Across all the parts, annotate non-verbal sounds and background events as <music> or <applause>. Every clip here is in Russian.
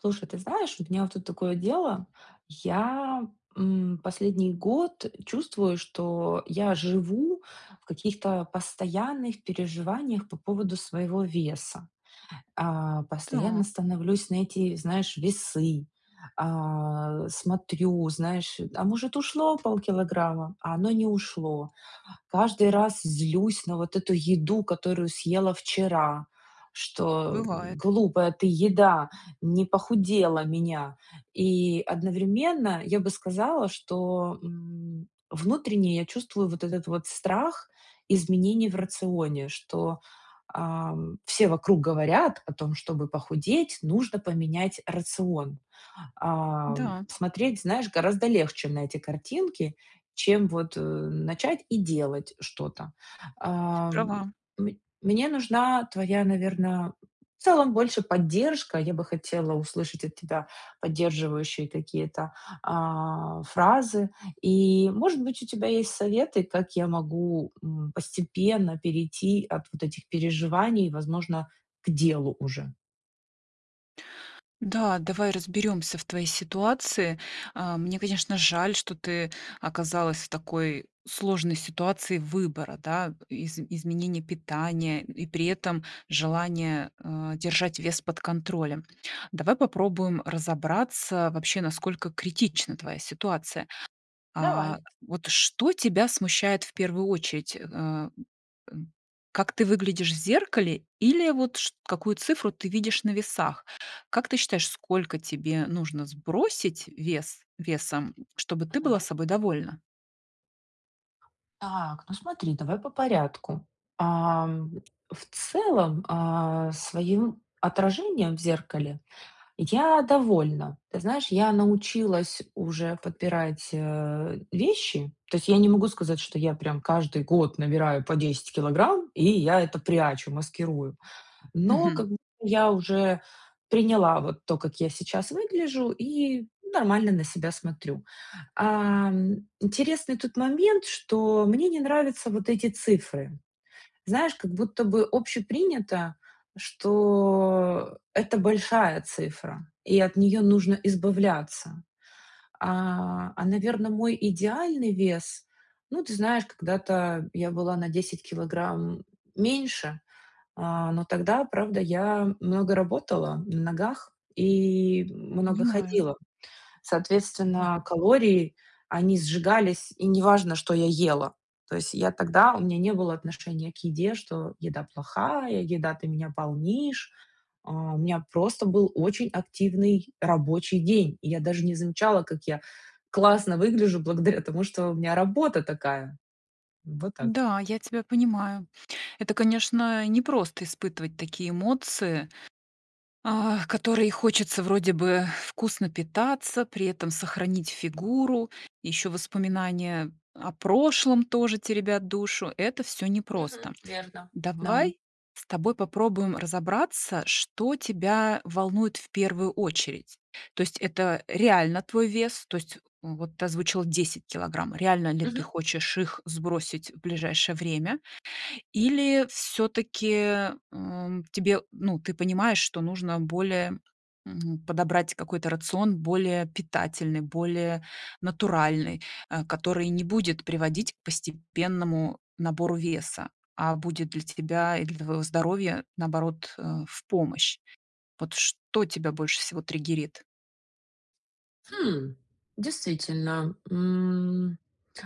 Слушай, ты знаешь, у меня вот тут такое дело. Я, м, последний год чувствую, что я живу в каких-то постоянных переживаниях по поводу своего веса. Э, постоянно Так. становлюсь на эти, знаешь, весы, а, смотрю, знаешь, э, а может, ушло полкилограмма? А оно не ушло. Каждый раз злюсь на вот эту еду, которую съела вчера, что, м: Бывает. "Глупая ты еда, не похудела меня". И одновременно я бы сказала, что, м, внутренне я чувствую вот этот вот страх изменений в рационе, что, ам, все вокруг говорят о том, чтобы похудеть, нужно поменять рацион. Ам, Да. смотреть, знаешь, гораздо легче на эти картинки, чем вот, э, начать и делать что-то. Э, Права. мн мне нужна твоя, наверно, в целом больше поддержка. Я бы хотела услышать от тебя поддерживающие какие-то, а, фразы, и, может быть, у тебя есть советы, как я могу, м, постепенно перейти от вот этих переживаний, возможно, к делу уже. Да, давай разберёмся в твоей ситуации. Э, мне, конечно, жаль, что ты оказалась в такой сложной ситуации выбора, да, изм изменения питания и при этом желания, э, держать вес под контролем. Давай попробуем разобраться, вообще, насколько критична твоя ситуация. Давай. А, вот что тебя смущает в 1 очередь? Э, м, м, как ты выглядишь в зеркале или вот чт какую цифру ты видишь на весах? Как ты считаешь, сколько тебе нужно сбросить вес весом, чтобы ты была Мгм. собой довольна? Так, ну смотри, давай по порядку. Ам, в целом, а, своим отражением в зеркале я довольна. Ты знаешь, я научилась уже подбирать, э, вещи. То есть я не могу сказать, что я прям каждый год набираю по 10 килограмм и я это прячу, маскирую. Но, Мгм. как б я уже приняла вот то, как я сейчас выгляжу, и нормально на себя смотрю. Ам, интересный тут момент, что мне не нравятся вот эти цифры. Знаешь, как будто бы общепринято, что это большая цифра и от неё нужно избавляться. А, а, наверно, мой идеальный вес, ну, ты знаешь, когда-то я была на 10 килограмм меньше, а, но тогда, правда, я много работала на ногах и много Понимаю. ходила. Мгм. Соответственно, калории, они сжигались, и неважно, что я ела. То есть я тогда, у меня не было отношения к еде, что еда плохая, еда, ты меня полнишь. А, у меня просто был очень активный рабочий день. И я даже не замечала, как я классно выгляжу благодаря тому, что у меня работа такая. Вот так. Да, я тебя понимаю. Это, конечно, непросто испытывать такие эмоции, а которые и хочется вроде бы вкусно питаться, при этом сохранить фигуру, ещё воспоминания о прошлом тоже теребят душу. Это всё Мгм. непросто. Верно. Дам. Давай с тобой попробуем разобраться, что тебя волнует в 1 очередь. То есть это реально твой вес? То есть вот ты озвучила 10 килограмм, реально ли ты Мгм. хочешь их сбросить в ближайшее время? Или всё-таки, м, тебе, ну, ты понимаешь, что нужно более, м, подобрать какой-то рацион, более питательный, более натуральный, э, который не будет приводить к постепенному набору веса, а будет для тебя и для твоего здоровья, наоборот, э, в помощь. Вот что тебя больше всего триггерит? Хм, действительно, м,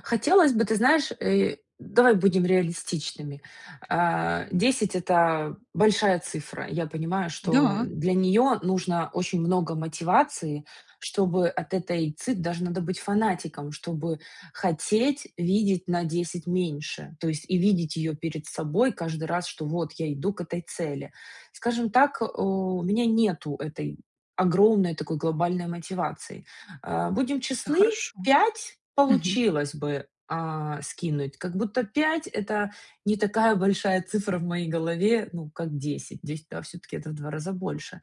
хотелось бы, ты знаешь, э, давай будем реалистичными. А, 10- это большая цифра. Я понимаю, что Да. для неё нужно очень много мотивации, чтобы от этой ци даже надо быть фанатиком, чтобы хотеть видеть на 10 меньше, то есть и видеть её перед собой каждый раз, что вот я иду к этой цели. Скажем так, э, у меня нету этой огромной, такой глобальной мотивации. Э, будем Это честны, хорошо. 5 Мгм. получилось бы, а, скинуть, как будто 5- это не такая большая цифра в моей голове, ну, как 10, 10 а всё-таки это в 2 раза больше.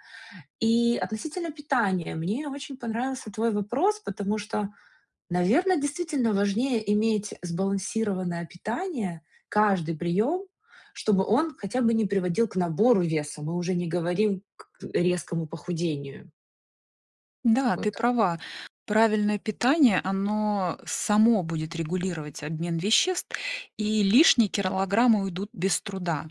И относительно питания, мне очень понравился твой вопрос, потому что, наверно, действительно важнее иметь, э, сбалансированное питание, каждый приём, чтобы он хотя бы не приводил к набору веса. Мы уже не говорим к резкому похудению. Да, Вот ты так. права, правильное питание, оно, само будет регулировать обмен веществ, и лишние килограммы уйдут без труда.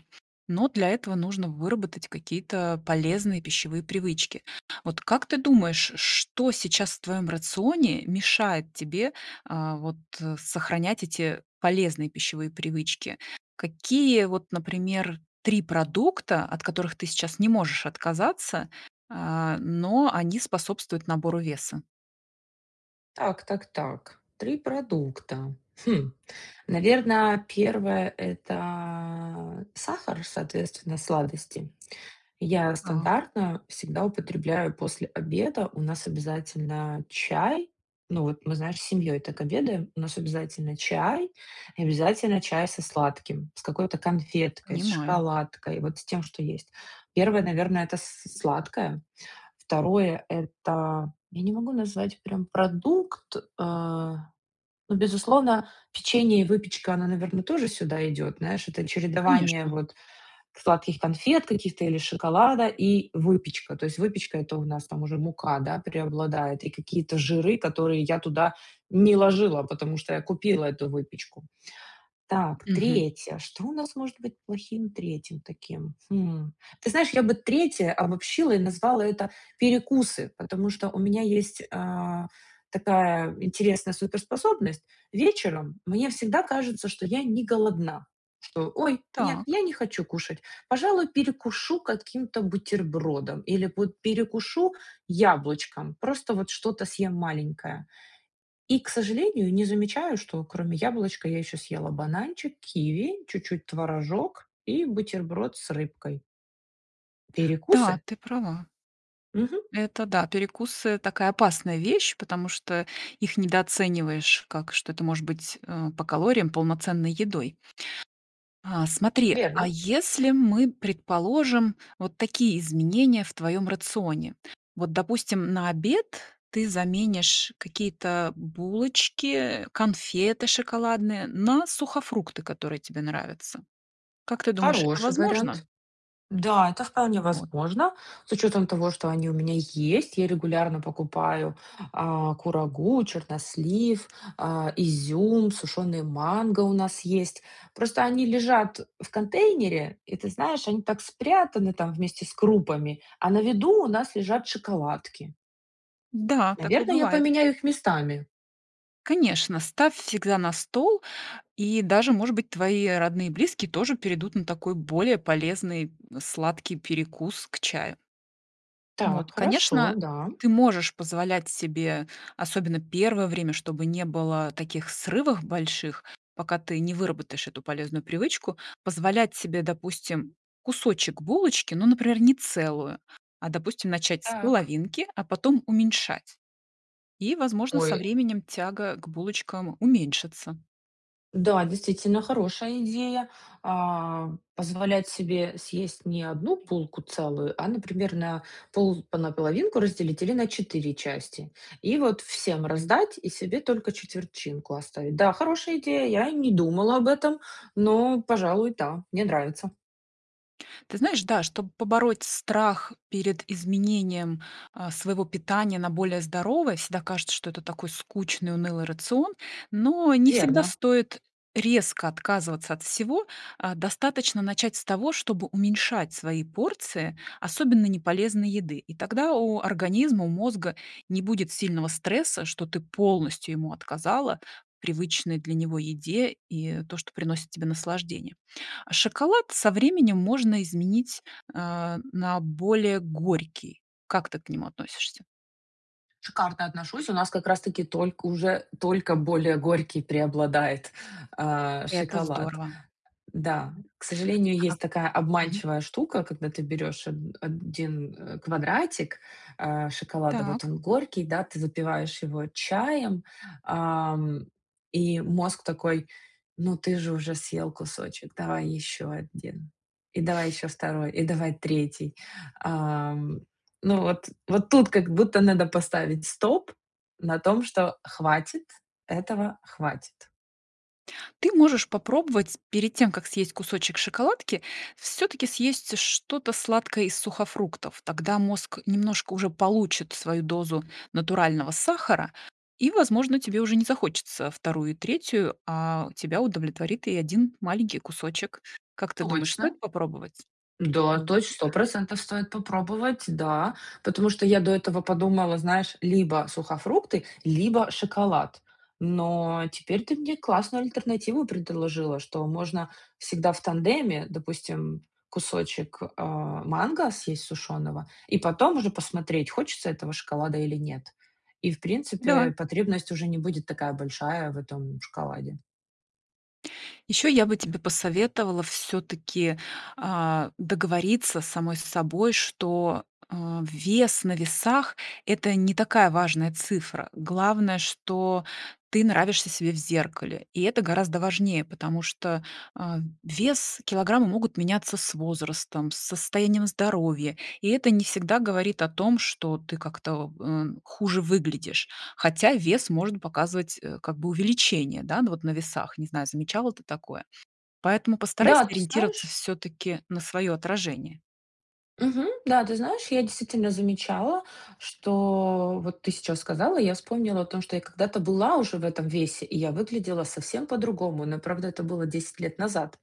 Но, для этого, нужно выработать какие-то полезные пищевые привычки. Вот как ты думаешь, ш что сейчас в твоём рационе мешает тебе, э, вот, э, сохранять эти полезные пищевые привычки? Какие вот, например, 3 продукта, от которых ты сейчас не можешь отказаться, а, но они способствуют набору веса? Так, так, так, 3 продукта. Хм, наверно, 1 это сахар, соответственно, сладости. Я, Так. стандартно, всегда употребляю после обеда. У нас обязательно чай, ну, вот мы, знаешь, с семьёй так обедаем. У нас обязательно чай и обязательно чай со сладким, с какой-то конфеткой, с Понимаю. шоколадкой, вот с тем, что есть. 1, наверно, это с сладкое. 2 это, я не могу назвать прям продукт, э, ну безусловно, печенье и выпечка, она, наверно, тоже сюда идёт, знаешь, это чередование, Конечно. вот, сладких конфет каких-то или шоколада и выпечка. То есть, выпечка, это у нас там уже мука, да, преобладает и какие-то жиры, которые я туда не ложила, потому что я купила эту выпечку. Так, Мгм. 3. Что у нас может быть плохим 3 таким, хм? Ты знаешь, я бы 3 обобщила и назвала это перекусы, потому что у меня есть, э, такая интересная супер-способность, вечером, мне всегда кажется, что я не голодна, что: ой, нет, Так. я не хочу кушать, пожалуй, перекушу каким-то бутербродом или, вот, перекушу яблочком, просто, вот, что-то съем маленькое. И, к сожалению, не замечаю, что кроме яблочка, я ещё съела бананчик, киви, чуть-чуть творожок и бутерброд с рыбкой. Да, Перекусы? ты права. Мгм. Это, да, перекусы- такая опасная вещь, потому что их недооцениваешь, как что это может быть, э, по калориям полноценной едой. А, смотри, а Верно. если мы, предположим, вот такие изменения в твоём рационе? Вот, допустим, на обед ты заменишь какие-то булочки, конфеты шоколадные на сухофрукты, которые тебе нравятся. Как ты думаешь, это Хороший вариант. возможно? Да, это вполне Вот. возможно. С учётом того, что они у меня есть, я регулярно покупаю, а, курагу, чернослив, а, изюм, сушёный манго у нас есть. Просто они лежат в контейнере, и, ты знаешь, они так спрятаны там, вместе с крупами, а на виду, у нас лежат шоколадки. Да, такое Наверно, я бывает. поменяю их местами. Конечно, ставь всегда на стол, и даже, может быть, твои родные и близкие тоже перейдут на такой, более полезный, сладкий, перекус к чаю. Так, Вот, хорошо, конечно, да. ты можешь позволять себе, особенно первое время, чтобы не было таких срывах больших, пока ты не выработаешь эту полезную привычку, позволять себе, допустим, кусочек булочки, ну, например, не целую, а, допустим, начать с Так. половинки, а потом уменьшать. И, возможно, со Ой. временем тяга к булочкам уменьшится. Да, действительно, хорошая идея, а, позволять себе съесть не 1 булку целую, а, например, на пол на половинку разделить или на 4 части. И вот всем раздать и себе только четвертинку оставить. Да, хорошая идея, я не думала об этом, но, пожалуй, да. Мне нравится. Ты знаешь, да, чтоб побороть страх перед изменением, а, своего питания на более здоровое, всегда кажется, что это такой скучный унылый рацион, но не всегда Верно. стоит резко отказываться от всего. А, достаточно начать с того, чтобы уменьшать свои порции, особенно неполезной еды, и тогда у организма, у мозга не будет сильного стресса, что ты полностью ему отказала в привычной для него еде и то, что приносит тебе наслаждение. Шоколад со временем можно изменить, э, на более горький. Как ты к нему относишься? Шикарно отношусь. У нас, как раз таки, только уже только более горький преобладает, а, Это шоколад. здорово. Да, к сожалению, А есть такая Мгм. обманчивая штука, когда ты берешь од один, э, квадратик, а, шоколада, вот Так. он горький, да, ты запиваешь его чаем, а, м, и мозг такой: ну, ты же уже съел кусочек, давай еще 1, и давай еще 2, и давай 3. А, м, ну, вот вот тут как будто надо поставить стоп на том, что хватит, этого хватит. Ты можешь попробовать, перед тем, как съесть кусочек шоколадки, всё-таки съесть что-то сладкое из сухофруктов. Тогда мозг немножко уже получит свою дозу натурального сахара и, возможно, тебе уже не захочется 2 и 3, а тебя удовлетворит и 1 маленький кусочек. Как ты думаешь, Точно! стоит попробовать? Да, М. точ 100 % стоит попробовать, да. Потому что я до этого подумала, знаешь, либо сухофрукты, либо шоколад. Но теперь ты мне классную альтернативу предложила, что можно всегда в тандеме. Допустим, кусочек, а, манго съесть сушёного, и потом уже посмотреть, хочется этого шоколада или нет. И, в Да. принципе, потребность уже не будет такая большая в этом шоколаде. Еще я бы тебе посоветовала всё-таки, а, договориться самой с собой, что, э, вес на весах- это не такая важная цифра. Главное, что ты нравишься себе в зеркале, и это гораздо важнее, потому что, а, вес, килограммы могут меняться с возрастом, с состоянием здоровья, и это не всегда говорит о том, что ты как-то, э, хуже выглядишь. Хотя вес может показывать как бы увеличение, да, ну, вот на весах, не знаю, замечала ты такое. Поэтому постарайся Да, ты ориентироваться знаешь всё-таки на свое отражение. Мгм. Да, ты знаешь, я, действительно, замечала, что, вот ты сейчас сказала, и я вспомнила о том, что я когда-то была уже в этом весе и я выглядела совсем по-другому. Но правда это было 10 лет назад.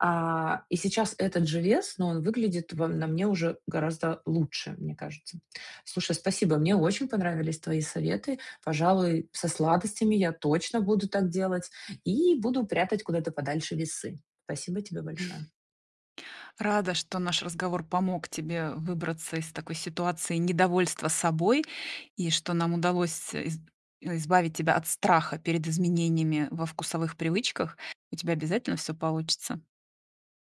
А, и сейчас этот же вес, но он выглядит во на мне уже гораздо лучше, мне кажется. Слушай, спасибо, мне очень понравились твои советы. Пожалуй, со сладостями я точно буду так делать. И буду прятать куда-то подальше весы. Спасибо тебе <chuckles> большое! Рада, что наш разговор помог тебе выбраться из такой ситуации недовольства собой. И, что нам удалось с из избавить тебя от страха перед изменениями во вкусовых привычках. У тебя обязательно всё получится!